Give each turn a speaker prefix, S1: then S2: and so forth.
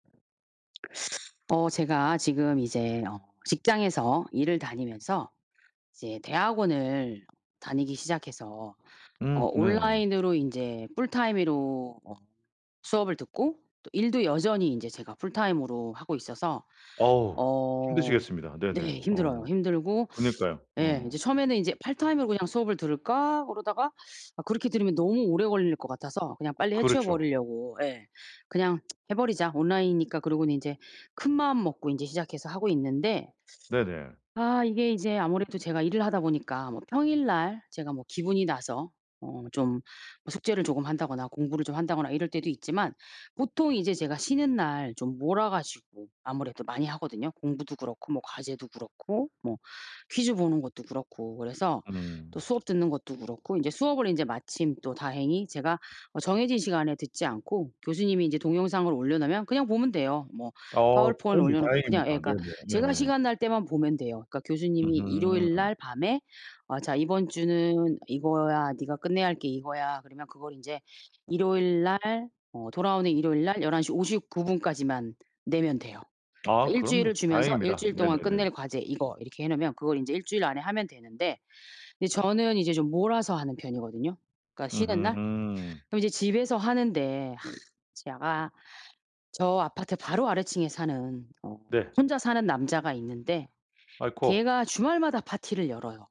S1: 어 제가 지금 이제 어 직장에서 일을 다니면서 이제 대학원을 다니기 시작해서 어
S2: 음, 네.
S1: 온라인으로 인제 풀타임으로 어 수업을 듣고 또 일도 여전히 인제 제가 풀타임으로 하고 있어서
S2: 어우
S1: 어
S2: 힘드시겠습니다. 네네.
S1: 네, 힘들어요.
S2: 어
S1: 힘들고
S2: 그니까요.
S1: 예
S2: 어.
S1: 이제 처음에는 이제 '파트타임으로 그냥 수업을 들을까?' 그러다가 아 그렇게 들으면 너무 오래 걸릴 것 같아서 그냥 빨리 해치워
S2: 그렇죠.
S1: 버리려고. 예. 그냥 해 버리자. 온라인이니까 그러고는 인제 큰마음 먹고 인제 시작해서 하고 있는데
S2: 네네.
S1: 아 이게 인제 아무래도 제가 일을 하다 보니까 뭐 평일 날 제가 뭐 기분이 나서 어 좀 숙제를 조금 한다거나 공부를 좀 한다거나 이럴 때도 있지만 보통 이제 제가 쉬는 날 좀 몰아 가지고 아무래도 많이 하거든요. 공부도 그렇고 뭐 과제도 그렇고 뭐 퀴즈 보는 것도 그렇고 그래서 또
S2: 음.
S1: 수업 듣는 것도 그렇고 인제 수업을 인제 마침 또 다행히 제가 어 정해진 시간에 듣지 않고 교수님이 이제 동영상을 올려놓으면 그냥 보면 돼요. 뭐
S2: 아
S1: 파워포인트
S2: 그건 뭐
S1: 올려놓고 그냥 예
S2: 다행입니다.
S1: 그니까
S2: 네네
S1: 제가
S2: 네.
S1: 시간 날 때만 보면 돼요. 그니까 교수님이 일요일
S2: 으흠.
S1: 날 밤에 "어 자 이번 주는 이거야. 니가 끝내야 할 게 이거야." 그러면 그걸 인제 일요일 날 어 돌아오는 일요일 날 11:59 까지만 내면 돼요.
S2: 아,
S1: 그러니까 1
S2: 그럼 뭐
S1: 주일을 주면서 1
S2: 다행입니다.
S1: 주일 동안
S2: 네네네.
S1: 끝낼 과제 이거, 이렇게 해 놓으면 그걸 인제 1 주일 안에 하면 되는데 근데 저는 이제 좀 몰아서 하는 편이거든요. 그니까 쉬는 날.
S2: 으흠.
S1: 그럼 이제 집에서 하는데 제가 저 아파트 바로 아래층에 사는 어
S2: 네.
S1: 혼자 사는 남자가 있는데
S2: 아이코.
S1: 걔가 주말마다 파티를 열어요.